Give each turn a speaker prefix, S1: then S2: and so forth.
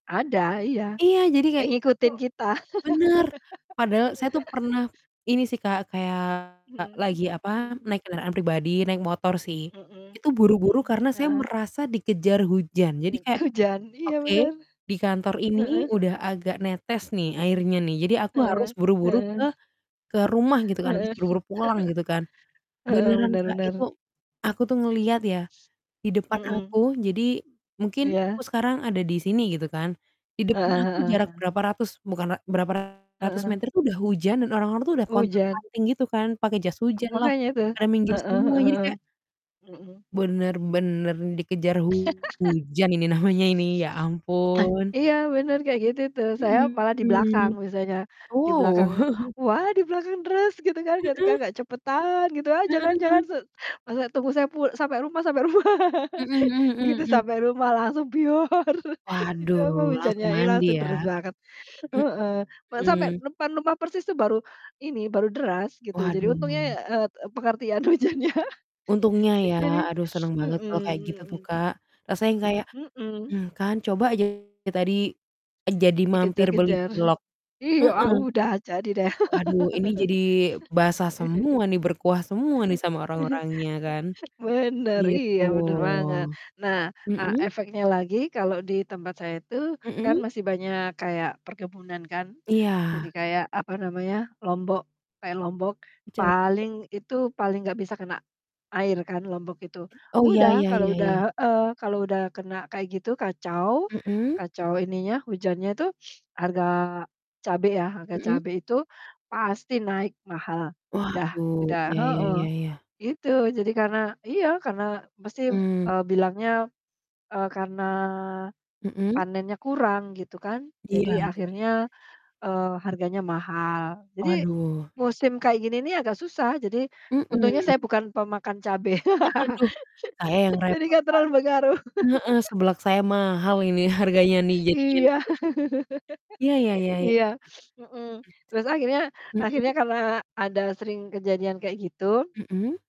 S1: Ada, iya.
S2: Iya, jadi
S1: Kayak
S2: kayak kita tuh
S1: ngikutin kita.
S2: benar, padahal saya tuh pernah ini sih Kak, kayak
S1: Mhm,
S2: lagi apa,
S1: hmm.
S2: naik kendaraan pribadi naik motor sih,
S1: Mmm.
S2: itu buru-buru
S1: mhm.
S2: karena saya
S1: Heeh.
S2: merasa dikejar hujan, jadi
S1: E
S2: kayak,
S1: hujan, iya
S2: "Oke,
S1: benar.
S2: di kantor ini
S1: Heeh.
S2: udah agak netes nih airnya nih, jadi aku harus
S1: Heeh
S2: buru-buru ke
S1: heeh.
S2: ke rumah," gitu kan, "harus
S1: Heeh,
S2: buru-buru pulang" gitu kan.
S1: heeh,
S2: Beneran
S1: benar
S2: Kak
S1: benar.
S2: itu,
S1: Mmm.
S2: aku tuh ngelihat ya, di depan
S1: Mhm.
S2: aku. Jadi mungkin aku
S1: Iya.
S2: sekarang ada di sini gitu kan, di depan
S1: Heeh
S2: aku
S1: heeh
S2: jarak
S1: heeh.
S2: berapa ratus bukan ra berapa ratus
S1: Heeh.
S2: meter, itu udah hujan dan orang-orang tuh udah
S1: Hujan.
S2: pontang-panting gitu kan, pakai jas
S1: Ah,
S2: hujan lah,
S1: makanya tuh.
S2: pada minggir
S1: Heeh
S2: semua
S1: heeh
S2: jadi
S1: heeh.
S2: kayak
S1: Mhm.
S2: benar-bener dikejar hujan ini namanya ini, ya ampun.
S1: Iya, benar, kayak gitu tuh. Saya malah di
S2: Hmm.
S1: belakang biasanya. Di
S2: Wow!
S1: belakang "Wah, di belakang deres, gitu kan, ketika
S2: Mhm.
S1: agak cepetan" gitu aja
S2: Heeh
S1: kan, "jangan
S2: heeh.
S1: se masa tunggu saya pul sampai rumah sampai rumah."
S2: Mhm mhm mhm
S1: Begitu
S2: mhm.
S1: sampai rumah langsung Itu apa
S2: Waduh,
S1: hujannya,
S2: langsung
S1: ih,
S2: mandi
S1: langsung
S2: ya.
S1: deres banget. Heeh, ma sampai
S2: Hmm.
S1: depan rumah persis tuh baru, ini, baru deras gitu. Jadi untungnya,
S2: Waduh.
S1: eee, et pengertian hujannya.
S2: Untungnya ya,
S1: Jadi,
S2: aduh seneng
S1: hmm
S2: banget kalau kayak gitu tuh
S1: hmm.
S2: Kak. Rasanya kayak,
S1: Mhm, hmm.
S2: mmm, "Kan, coba aja tadi, eee, jadi mampir beli
S1: Dikejar-kejar.
S2: cilok"
S1: Iya,
S2: heeh,
S1: ah udah, jadi deh.
S2: waduh ini jadi basah semua nih, berkuah semua nih sama orang-orangnya kan,
S1: Benar,
S2: gitu.
S1: iya benar banget. Nah, eee,
S2: Mhm.
S1: efeknya lagi kalau di tempat saya itu kan
S2: Mhm.
S1: masih banyak kayak perkebunan kan, jadi
S2: Iya.
S1: kayak apa namanya, lombok kayak lombok,
S2: E cabe.
S1: paling itu, paling nggak bisa kena air kan lombok itu.
S2: Oh, ya
S1: Udah,
S2: ya
S1: kalau
S2: ya
S1: udah
S2: ya.
S1: heeh, kalau udah kena kayak gitu kacau
S2: Mhm.
S1: kacau ininya, hujannya tuh harga cabe ya, harga
S2: Mhm.
S1: cabe itu pasti naik mahal. Udah
S2: Waduh,
S1: udah
S2: iya iya
S1: heeh.
S2: iya iya.
S1: Gitu jadi karena iya, karena mesti,
S2: Mhm.
S1: eee, bilangnya, eee, karena
S2: Mhm.
S1: panennya kurang gitu kan.
S2: Iya
S1: Jadi
S2: iya iya iya.
S1: akhirnya, eee, harganya mahal. Jadi
S2: Waduh.
S1: musim kayak gini nih agak susah. Jadi untungnya
S2: Mhm.
S1: saya bukan pemakan cabe.
S2: Haduh, saya yang
S1: Jadi
S2: repot,
S1: nggak
S2: Kak.
S1: terlalu pengaruh.
S2: Heeh, seblak saya mahal ini, harganya nih jadinya
S1: Iya.
S2: juga Ya ya ya ya.
S1: Iya, hmm. Terus akhirnya
S2: Mmm.
S1: akhirnya
S2: Hmm.
S1: karena ada sering kejadian kayak gitu
S2: Mhm.